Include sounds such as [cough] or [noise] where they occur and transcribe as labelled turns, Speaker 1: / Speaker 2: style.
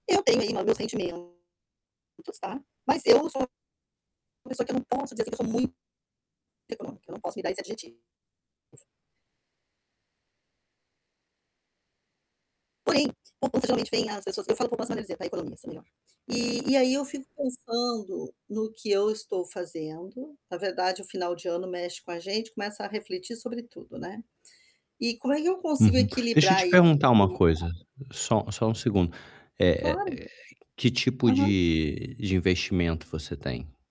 Speaker 1: Eu tenho aí lá meus sentimentos, tá. Mas eu sou, uma pessoa que eu não posso dizer que eu sou muito, econômica, não posso me dar esse adjetivo. Porém, possivelmente vem as pessoas, eu falo poupança maneira de dizer, tá, economia assim é melhor. E e aí eu fico pensando no que eu estou fazendo, na verdade o final de ano mexe com a gente, começa a refletir sobre tudo, né. E como é que eu consigo
Speaker 2: Uhum. Deixa eu
Speaker 1: equilibrar
Speaker 2: te
Speaker 1: ai
Speaker 2: perguntar uma
Speaker 1: [unintelligible]
Speaker 2: coisa, só só um segundo, eh
Speaker 1: Claro.
Speaker 2: eh, que tipo
Speaker 1: Aham.
Speaker 2: de investimento você tem?